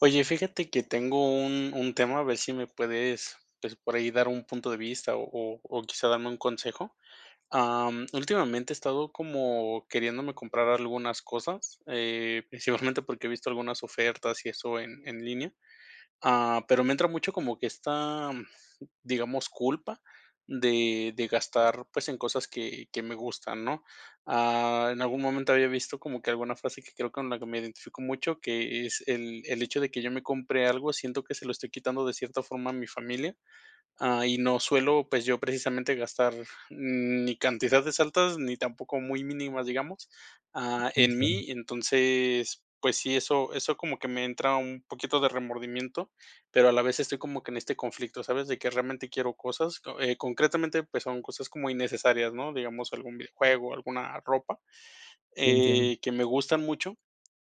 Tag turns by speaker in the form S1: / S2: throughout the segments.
S1: Oye, fíjate que tengo un un tema, a ver si me puedes, pues, por ahí dar un punto de vista o o o quizá darme un consejo. Am, últimamente he estado como queriéndome comprar algunas cosas, eh, principalmente porque, he visto algunas ofertas y eso en en línea. Ah, pero me entra mucho como que esta, digamos culpa de de gastar, pues, en cosas que que me gustan, ¿no? Ah, en algún momento había visto como que alguna frase que, creo que con la que me identifico mucho, que: "Es el el hecho de que yo me compre algo, siento que se lo estoy quitando de cierta forma a mi familia". Ah, y no suelo, pues, yo precisamente gastar, mm, ni cantidades altas, ni tampoco muy mínimas, digamos, ah, en
S2: Entien
S1: mí. Entonces, pues sí, eso eso como que me entra un poquito de remordimiento, pero a la vez estoy como que en este conflicto, ¿sabes? De que realmente quiero cosas, eh, concretamente, pues son cosas como innecesarias, ¿no? Digamos algún videojuego, alguna ropa.
S2: Lo entiendo.
S1: Eh, que me gustan mucho,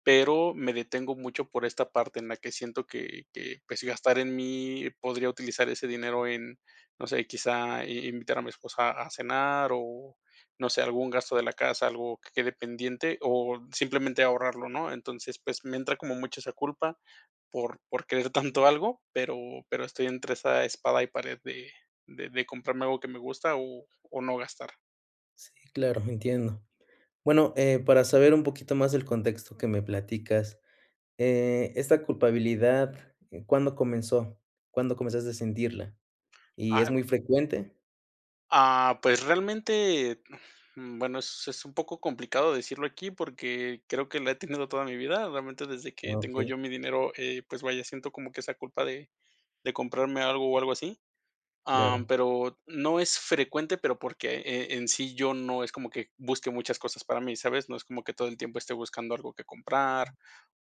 S1: pero me detengo mucho por esta parte en la que siento que que pues, gastar en mí, podría utilizar ese dinero en, no sé, quizá i invitar a mi esposa a cenar o, no sé, algún gasto de la casa, algo que quede pendiente o simplemente ahorrarlo, ¿no? Entonces, pues, me entra como mucho esa culpa por por querer tanto algo, pero pero estoy entre esa espada y pared de de de comprarme algo que me gusta o o no gastar.
S2: Sí, claro. Entiendo. Bueno, eh, para saber un poquito más del contexto que me platicas, eh, esta culpabilidad, ¿cuándo comenzó? ¿Cuándo comenzaste a sentirla? ¿Y es
S1: Ah.
S2: muy frecuente?
S1: Ah, pues, realmente, mm, bueno, es es un poco complicado decirlo aquí porque, creo que la he tenido toda mi vida. Realmente desde que
S2: Ah,
S1: tengo
S2: okey.
S1: yo mi dinero, eh, pues vaya, siento como que esa culpa de de comprarme algo, o algo así. Ah,
S2: Claro.
S1: pero, no es frecuente, pero, porque eh, en sí yo no es como que busque muchas cosas para mí, ¿sabes? No es como que todo el tiempo esté buscando algo que comprar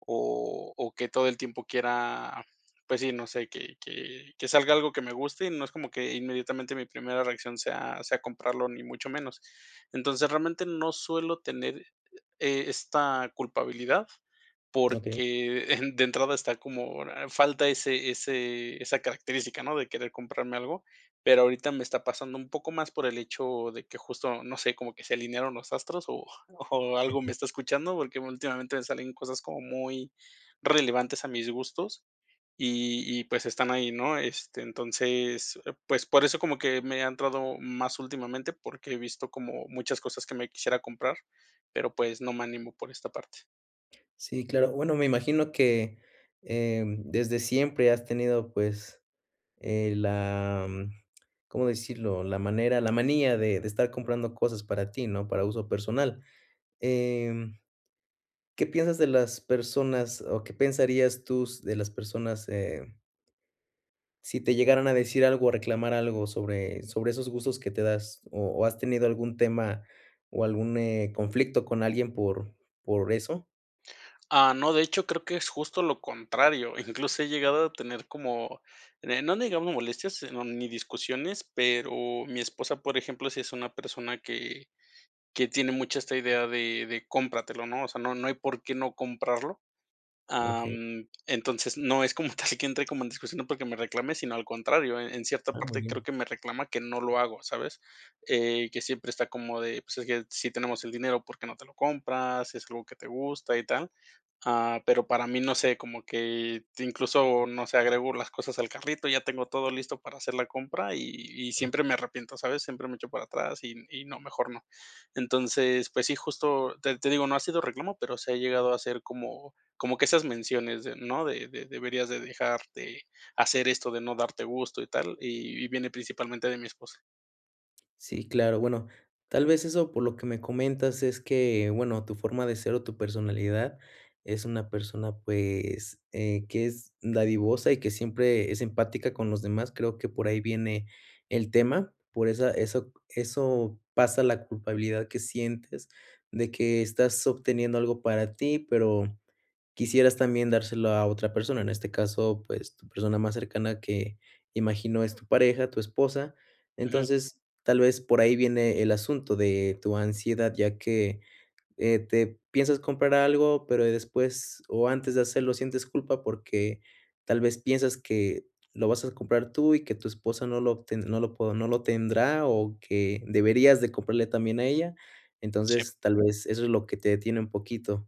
S1: o o que todo el tiempo quiera, pues sí, no sé que que que salga algo que me guste y no es como que inmediatamente mi primera reacción sea sea comprarlo, ni mucho menos. Entonces, realmente no suelo tener, eh, esta culpabilidad
S2: Okey.
S1: porque de entrada está como falta ese ese esa característica no de querer comprarme algo. Pero, ahorita me está pasando un poco más por el hecho de que justo, no sé, como que se alinearon los astros o o algo me está escuchando, porque, últimamente me salen cosas como muy relevantes a mis gustos y y pues, están ahí, ¿no? Entonces, pues, por eso como que me ha entrado más últimamente, porque, he visto como muchas cosas que me quisiera comprar, pero pues, no me animo por esta parte.
S2: Sí, claro, bueno, me imagino que, eh, desde siempre has tenido, pues, eh, la, mm, ¿cómo decirlo? La manera la manía de de estar comprando cosas para ti, ¿no? Para uso personal, em, ¿qué piensas de las personas, o qué pensarías tú s de las personas, eh si te llegaran a decir algo, o reclamar algo sobre sobre esos gustos que te das? O o, ¿has tenido algún tema, o algún, eh, conflicto con alguien por por eso?
S1: Ah, no, de hecho, creo que es justo lo contrario, incluso he llegado a tener como, eh, no digamos molestias, no ni discusiones, pero, mi esposa, por ejemplo, si es una persona que que tiene mucha esta idea de de cómpratelo, ¿no? O sea, no no hay, por qué no comprarlo,
S2: Okey.
S1: am, entonces, no es como tal que entre como en discusión porque, me reclame, sino al contrario, eh, en cierta
S2: Ah, muy
S1: parte, creo
S2: bien.
S1: que me reclama, que no lo hago, ¿sabes?, eh, que siempre está como de que: "Si tenemos el dinero, porque, no te lo compras, si es algo que te gusta y tal", ah, pero, para mí no sé, como que incluso no sé, agrego las cosas al carrito, ya tengo todo listo para hacer la compra y y siempre me arrepiento, ¿sabes?, siempre me echo para atrás y y no, mejor no. Entonces, pues sí, justo te te digo, no ha sido reclamo, pero, se ha llegado a ser como como que esas menciones de no, de de deberías de dejar de hacer esto de no darte gusto y tal, y y viene principalmente de mi esposa.
S2: Sí, claro. Bueno, tal vez, eso por lo que me comentas es que bueno, tu forma de ser o tu personalidad es una persona, pues, eh, que es dadivosa y que siempre es empática con los demás. Creo que por ahí viene el tema, por esa eso eso pasa, la culpabilidad que sientes, de que estás obteniendo algo para ti, pero, quisieras también dárselo a otra persona. En este caso, pues, tu persona más cercana que imagino es tu pareja, tu esposa.
S1: Ujú.
S2: Entonces tal vez, por ahí viene el asunto de tu ansiedad, ya que, eh, te piensas comprar algo, pero, después o antes de hacerlo sientes culpa, porque, tal vez, piensas que lo vas a comprar tú y que tu esposa no lo obten no lo po no lo tendrá o que deberías de comprarle también a ella.
S1: Sí.
S2: Entonces tal vez, eso es lo que te detiene un poquito.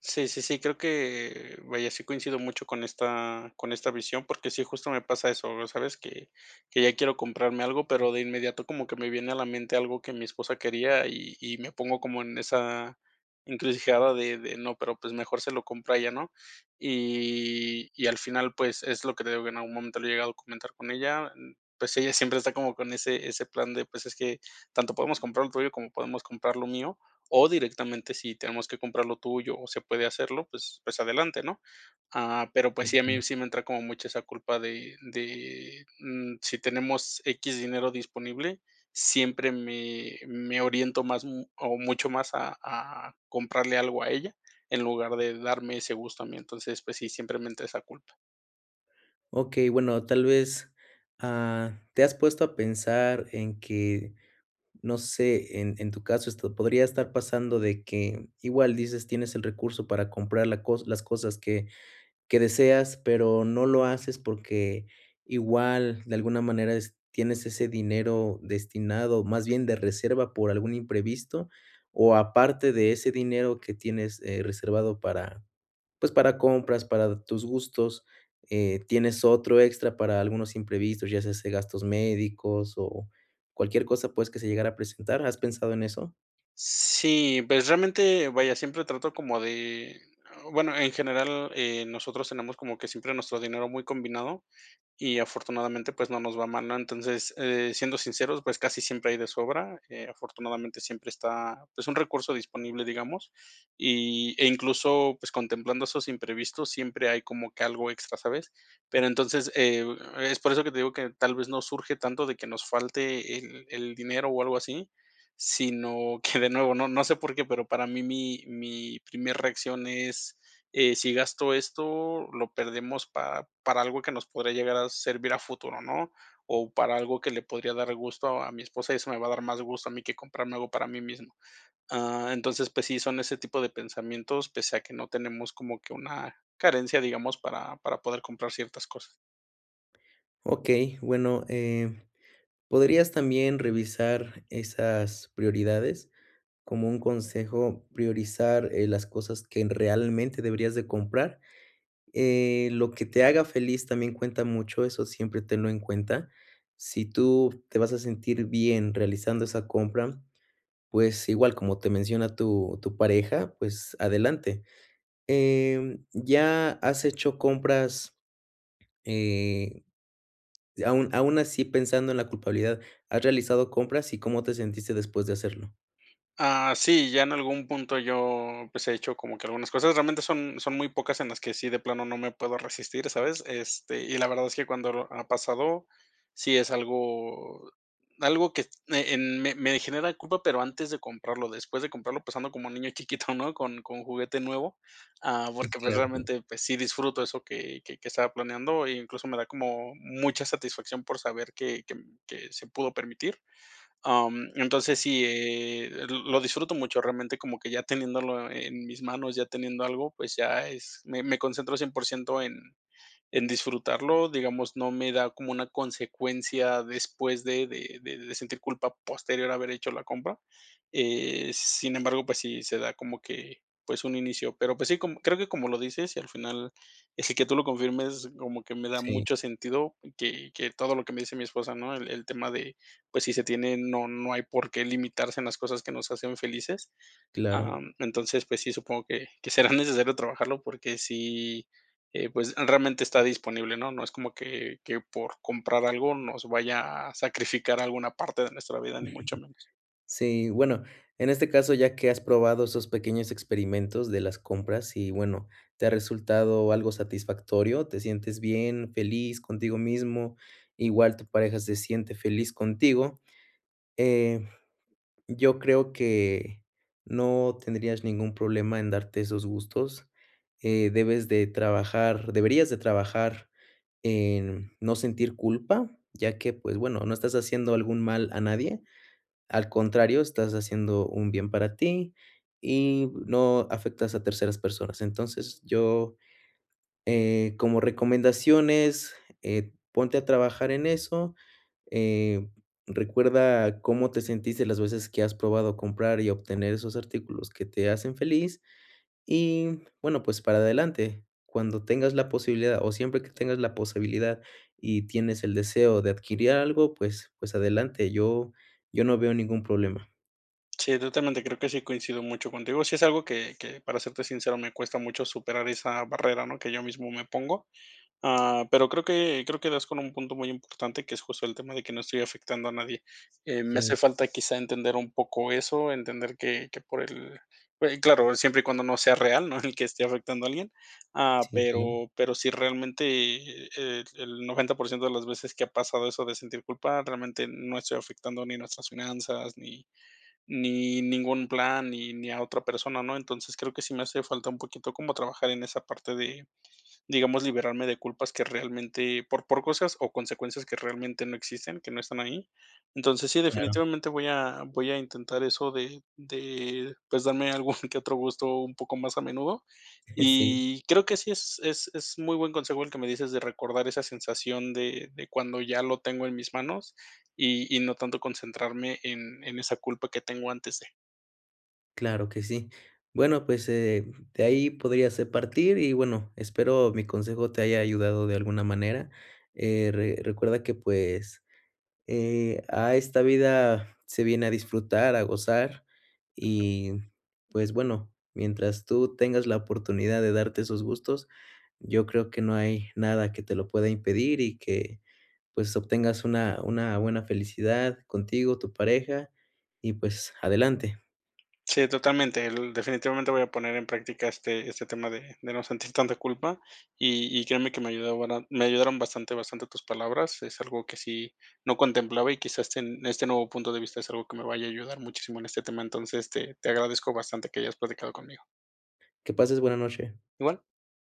S1: Sí, sí, sí, creo que vaya, sí coincido mucho con esta con esta visión, porque sí, justo me pasa eso, sabes que que ya quiero comprarme algo, pero, de inmediato como que me viene a la mente algo que mi esposa quería y y me pongo como en esa encrucijada de de no, pero, pues, mejor se lo compro a ella, ¿no? Y y al final, pues, es lo que digo que en algún momento lo he llegado a comentar con ella, mm, pues, ella siempre está como con ese ese plan de pues, es que tanto podemos comprar lo tuyo, como podemos comprar lo mío, o directamente si tenemos que comprar lo tuyo o se puede hacerlo, pues pues adelante, ¿no?, ah, pero pues sí, a mí
S2: Okey.
S1: sí me entra como mucho esa culpa de de, mm, si tenemos equis dinero disponible, siempre me me oriento más m o mucho más a a comprarle algo a ella, en lugar de darme ese gusto a mí, entonces, pues sí, siempre me entra esa culpa.
S2: Okey, bueno, tal vez, ah, ¿te has puesto a pensar en que, no sé, en en tu caso, esto podría estar pasando de que, igual dices tienes el recurso para comprar la las cosas que que deseas, pero no lo haces porque igual de alguna manera es tienes ese dinero destinado, más bien de reserva por algún imprevisto, o aparte de ese dinero que tienes, eh, reservado para pues, para compras para tus gustos, eh, ¿tienes otro extra para algunos imprevistos, ya sea se gastos médicos o cualquier cosa, pues, que se llegara a presentar? ¿Has pensado en eso?
S1: Sí, pues realmente, vaya, siempre trato como de, eh, bueno, en general, eh, nosotros tenemos como que siempre nuestro dinero muy combinado y afortunadamente, pues, no nos va mal, ¿no? Entonces, eh, siendo sinceros, pues casi siempre hay de sobra, eh, afortunadamente siempre está, pues, un recurso disponible, digamos. Y, eh, incluso pues, contemplando esos imprevistos, siempre hay como que algo extra, ¿sabes? Pero entonces, eh, es por eso que te digo que tal vez, no surge tanto de que nos falte el el dinero o algo así, sino que de nuevo, no no sé por qué, pero para mí mi mi primer reacción es, eh, sí gasto esto, lo perdemos para para algo que nos podría llegar a servir a futuro, ¿no? O para algo que le podría dar gusto a mi esposa y eso me va a dar más gusto a mí, que comprarme algo para mí mismo. Ah, entonces pues sí, son ese tipo de pensamientos, pese a que no tenemos como que una carencia, digamos, para para poder comprar ciertas cosas.
S2: Okey. Bueno, eh, podrías también revisar esas prioridades como un consejo priorizar, eh, las cosas que realmente deberías de comprar. Eh, lo que te haga feliz también cuenta mucho, eso siempre tenlo en cuenta. Si tú te vas a sentir bien realizando esa compra, pues, igual como te menciona tu tu pareja. Pues, adelante. Em, ¿ya has hecho compras? Eh, aún aún así, pensando en la culpabilidad, ¿has realizado compras y cómo te sentiste después de hacerlo?
S1: Ah sí, ya en algún punto yo pues, he hecho como que algunas cosas realmente son son muy pocas en las que sí de plano no me puedo resistir, ¿sabes? Este, y la verdad es que cuando ha pasado, sí es algo algo que me, eh, me me genera culpa, pero antes de comprarlo, después de comprarlo, pues, ando como niño chiquito, ¿no? Con con juguete nuevo, ah, porque pues,
S2: Entiendo.
S1: realmente pues, sí disfruto de eso que que que estaba planeando e incluso me da como mucha satisfacción por saber que que que se pudo permitir. Am, entonces sí, eh, lo disfruto mucho, realmente como que ya teniéndolo en mis manos ya teniendo algo, pues ya es me me concentro 100%, en en disfrutarlo, digamos, no me da como una consecuencia después de de de de sentir culpa posterior a haber hecho la compra, eh, sin embargo, pues, sí se da como que pues un inicio, pero pues sí, creo que como lo dices y al final, s que tú lo confirmes como que me da
S2: Sí.
S1: mucho sentido que que todo lo que me dice mi esposa, ¿no? El el tema de pues sí, se tiene, no no hay por qué limitarse en las cosas que nos hacen felices.
S2: Claro.
S1: Em, entonces pues sí, supongo que que será necesario trabajarlo porque sí, eh, pues realmente está disponible, ¿no? No es como que que por comprar algo nos vaya a sacrificar alguna parte de nuestra vida, ni mucho menos.
S2: Sí, bueno, en este caso, ya que has probado esos pequeños experimentos de las compras y bueno, te ha resultado algo satisfactorio. Te sientes bien, feliz contigo mismo. Igual tu pareja se siente feliz contigo, eh, yo creo que no tendrías ningún problema en darte esos gustos. Eh, debes de trabajar deberías de trabajar, en no sentir culpa, ya que pues bueno, no estás haciendo algún mal a nadie. Al contrario, estás haciendo un bien para ti y no afectas a terceras personas. Entonces yo, eh, como recomendaciones, eh, ponte a trabajar en eso, eh, recuerda cómo te sentiste las veces que has probado comprar y obtener esos artículos que te hacen feliz y bueno, pues, para adelante, cuando tengas la posibilidad o siempre que tengas la posibilidad y tienes el deseo de adquirir algo. Pues pues adelante, yo yo no veo ningún problema.
S1: Sí, totalmente, creo que sí coincido mucho contigo. Si es algo que que, para serte sincero, me cuesta mucho superar esa barrera, ¿no?, que yo mismo me pongo, ah, pero, creo que creo que das con un punto muy importante, que es justo el tema de que no estoy afectando a nadie, eh, me
S2: Sí.
S1: hace falta quizá entender un poco eso, entender que que por el eh, claro, siempre y cuando no sea real, ¿no?, el que esté afectando a alguien, ah,
S2: Sí, claro.
S1: pero pero, si realmente el el 90%, de las veces que ha pasado eso de sentir culpa, realmente no estoy afectando ni nuestras finanzas, ni ni ningún plan, ni ni a otra persona, ¿no? Entonces creo que sí me hace falta un poquito como trabajar en esa parte de digamos, liberarme de culpas que realmente por por cosas o consecuencias que realmente no existen, que no están ahí. Entonces sí,
S2: Claro.
S1: definitivamente voy a voy a intentar eso de de pues, darme algún que otro gusto un poco más a menudo
S2: Sí.
S1: y creo que sí, es es es muy buen consejo el que me dices de recordar esa sensación de de cuando ya lo tengo en mis manos y y no tanto concentrarme en en esa culpa que tengo antes de.
S2: Claro que sí. Bueno, pues, eh, de ahí podrías, eh, partir y bueno, espero mi consejo te haya ayudado de alguna manera, eh, re recuerda que pues, eh, a esta vida se viene a disfrutar, a gozar y pues, bueno, mientras tú tengas la oportunidad de darte esos gustos, yo creo que no hay nada que te lo pueda impedir y que pues obtengas una una buena felicidad contigo, tu pareja y pues, adelante.
S1: Sí, totalmente, el definitivamente voy a poner en práctica este este tema de de no sentir tanta culpa y y créeme que me ayuda bara me ayudaron bastante bastante tus palabras, es algo que sí no contemplaba y quizás este este nuevo punto de vista es algo que me vaya a ayudar muchísimo en este tema. Entonces te te agradezco bastante que hayas platicado conmigo.
S2: Que pases buena noche.
S1: Igual.